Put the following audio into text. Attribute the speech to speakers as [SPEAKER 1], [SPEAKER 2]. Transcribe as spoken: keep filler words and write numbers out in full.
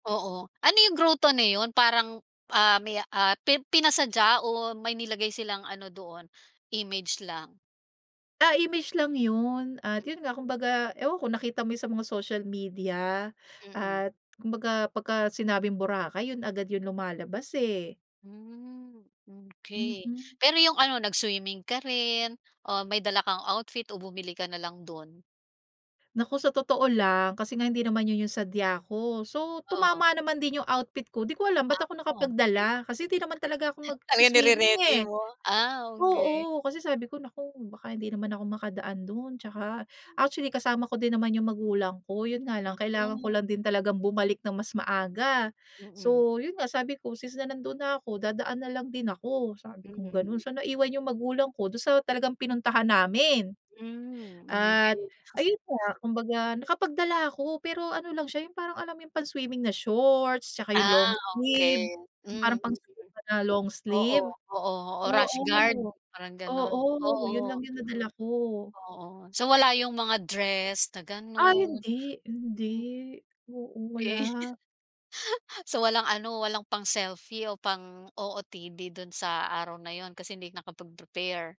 [SPEAKER 1] Oo, ano yung groto na 'yun, parang, ah, may, ah, pi pinasadya o may nilagay silang ano doon, image lang?
[SPEAKER 2] Ah, image lang 'yun, at 'yun nga kumbaga ewan ko, nakita mo 'yung sa mga social media,
[SPEAKER 1] Mm.
[SPEAKER 2] at kumbaga pagka-sinabing Boracay, 'yun agad 'yung lumalabas eh.
[SPEAKER 1] Hmm, okey.
[SPEAKER 2] Mm.
[SPEAKER 1] Pero 'yung ano, nag-swimming ka rin, o may dala kang outfit, o bumili ka nalang dun?
[SPEAKER 2] Naku, sa totoo lang, kasi nga hindi naman 'yun 'yung sadya ko. So,
[SPEAKER 1] Oo.
[SPEAKER 2] tumama naman din 'yung outfit ko, di ko
[SPEAKER 1] [unintelligible]
[SPEAKER 2] alam ba't ako nakapagdala, kasi hindi naman talaga ako
[SPEAKER 1] Talagang
[SPEAKER 2] magsi-swimming
[SPEAKER 1] ni-re-ready
[SPEAKER 2] eh.
[SPEAKER 1] mo. Ah, okey.
[SPEAKER 2] Oo, kasi sabi ko, "Naku, baka hindi naman ako makadaan dun 'tsaka" actually kasama ko din naman 'yung magulang ko, 'yun nga
[SPEAKER 1] Ah,
[SPEAKER 2] lang kailangan ko
[SPEAKER 1] hmm.
[SPEAKER 2] lang din talagang bumalik ng mas maaga.
[SPEAKER 1] Mm.
[SPEAKER 2] So 'yun nga sabi ko, since na nandun na ako, dadaan na lang din ako, sabi kong gano'n.
[SPEAKER 1] Mm.
[SPEAKER 2] So naiwan 'yung magulang ko, dun sa talagang pinuntahan namin.
[SPEAKER 1] Mhm,
[SPEAKER 2] At
[SPEAKER 1] okey.
[SPEAKER 2] ayun nga, kumbaga nakapagdala ako pero ano lang siya 'yung parang alam mo 'yung pang-swimming na shorts, 'tsaka 'yung
[SPEAKER 1] Ah,
[SPEAKER 2] long sleeve,
[SPEAKER 1] okey.
[SPEAKER 2] 'yung
[SPEAKER 1] Hmm.
[SPEAKER 2] parang pang-swimming na long
[SPEAKER 1] Oo,
[SPEAKER 2] sleeve.
[SPEAKER 1] oo, o rash guard,
[SPEAKER 2] Oo,
[SPEAKER 1] parang gano'n,
[SPEAKER 2] oo, 'yun lang
[SPEAKER 1] oo.
[SPEAKER 2] 'yung nadala ko.
[SPEAKER 1] Oo, so wala 'yung mga dress na
[SPEAKER 2] Ay
[SPEAKER 1] ganun.
[SPEAKER 2] hindi, hindi.
[SPEAKER 1] Hmm.
[SPEAKER 2] Oo,
[SPEAKER 1] Okey.
[SPEAKER 2] wala.
[SPEAKER 1] So walang ano, walang pang-selfie o pang-O-O-T-D dun sa araw na yun, kasi hindi nakapag-prepare.